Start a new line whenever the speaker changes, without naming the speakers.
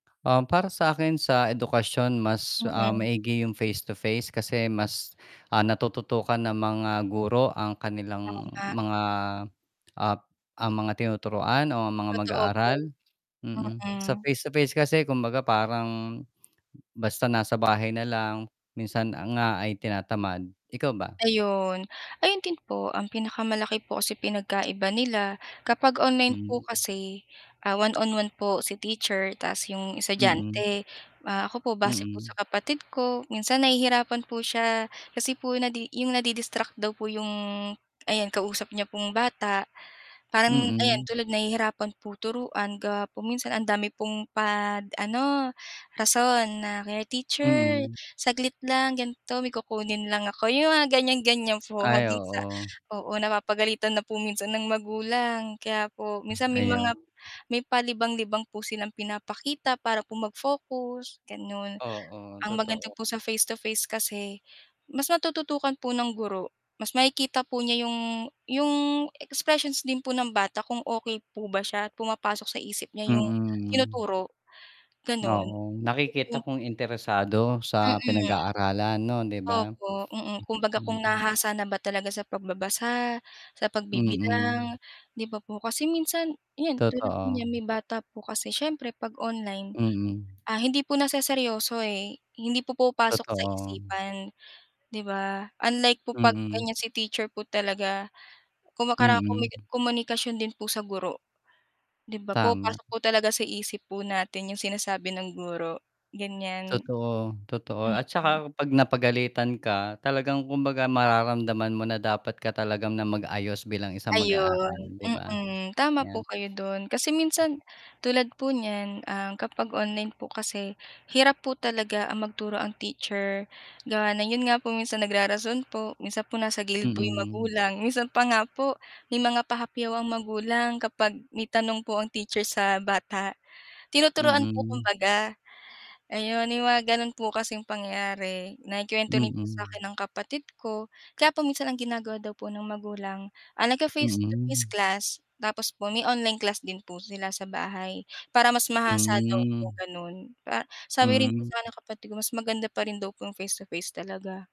Um, para sa'kin, sa edukasyon mas, ah,
Mm.
maigi yung face to face kasi mas, ah, natututukan ng mga guro ang
Oo
kanilang
nga.
mga, ah, ap ah, mga tinuturuan o ang mga
Totoo po.
mag-aaral, mm. Sa
Mm.
face to face kasi kumbaga parang basta nasa bahay na lang, minsan ang nga ay tinatamad, ikaw ba?
Ayon. Ayun din po ang pinakamalaki po kasi pinagkaiba nila, kapag online po
Hmm.
kasi, ah, one on one po si teacher tapos yung
Mm.
estudyante. Ah, ako po base po sa
Mm.
kapatid ko, minsan nahihirapan po siya kasi po nadi yung nadi-distract daw po yung ayan kausap niya pong bata. Parang ayan
Mm.
tulad nahihirapan po turuan gawa po minsan ang dami pong pad ano rason na kaya, "Teacher,
Mm.
saglit lang, ganito may kukunin lang ako," yung mga ganiyan-ganiyan po,
Ay,
hanggang sa
oo.
oo, napapagalitan na po minsan ng magulang. Kaya po
Ah,
minsan may
ayun.
mga may palibang-libang po silang pinapakita para po mag-focus, gano'n.
Oo,
Ang maganda po
totoo.
sa face to face kasi mas natututukan po ng guro, mas makikita po niya yung yung expressions din po ng bata kung okey po ba siya at pumapasok sa isip niya yung
Mm.
tinuturo, gano'n.
Oo. Nakikita
[unintelligible]
kung interesado sa
Mm.
pinag-aaralan no'n, 'di ba?
Opo, mm, kumbaga
Hmm,
kung
mm.
nahahasa na ba talaga sa pagbabasa, sa
Mm.
pagbibilang, 'di ba po? Kasi minsan 'yan, tulad
Totoo.
niya may bata po kasi siyempre 'pag online,
Mm.
ah, hindi po naseseryoso, eh, hindi pumapasok sa
Totoo.
isipan, 'di ba? Unlike po 'pag
Mm.
ganiyan, si teacher po talaga. Kung makara kumi
Mm.
komunikasyon din po sa guro. 'Di ba
Tama.
pumapasok po talaga sa isip po natin yung sinasabi ng guro, ganiyan.
Totoo, totoo, at tsaka
Mm.
'pag napagalitan ka, talagang kumbaga mararamdaman mo na dapat ka talaga nang mag-ayos bilang isang mag-aaral,
Ayun,
'di ba?
mm, tama po
Kaya
kayo do'n, kasi minsan, tulad po niyan, ah, kapag online po kasi, hirap po talaga ang magturo ang teacher gawa na yun nga po minsan nagrarason po, minsan nasa gilid po yung
Mm.
magulang, minsan pa nga po may mga pahapyaw ang magulang kapag may tanong po ang teacher sa bata, tinuturuan po
Mm.
kumbaga. Ayon, may mga gano'n po kasing pangyayari, naikuwento rin po sa akin
Mm.
ng kapatid ko kaya po minsan ang ginagawa daw po ng magulang, ah, ngfi-face to face
Mm.
class tapos po may online class din po sila sa bahay, para mas mahasa daw po
Hmm.
gano'n, pa sabi rin po
Hmm.
sa'kin ng kapatid ko mas maganda pa rin daw po yung face to face talaga.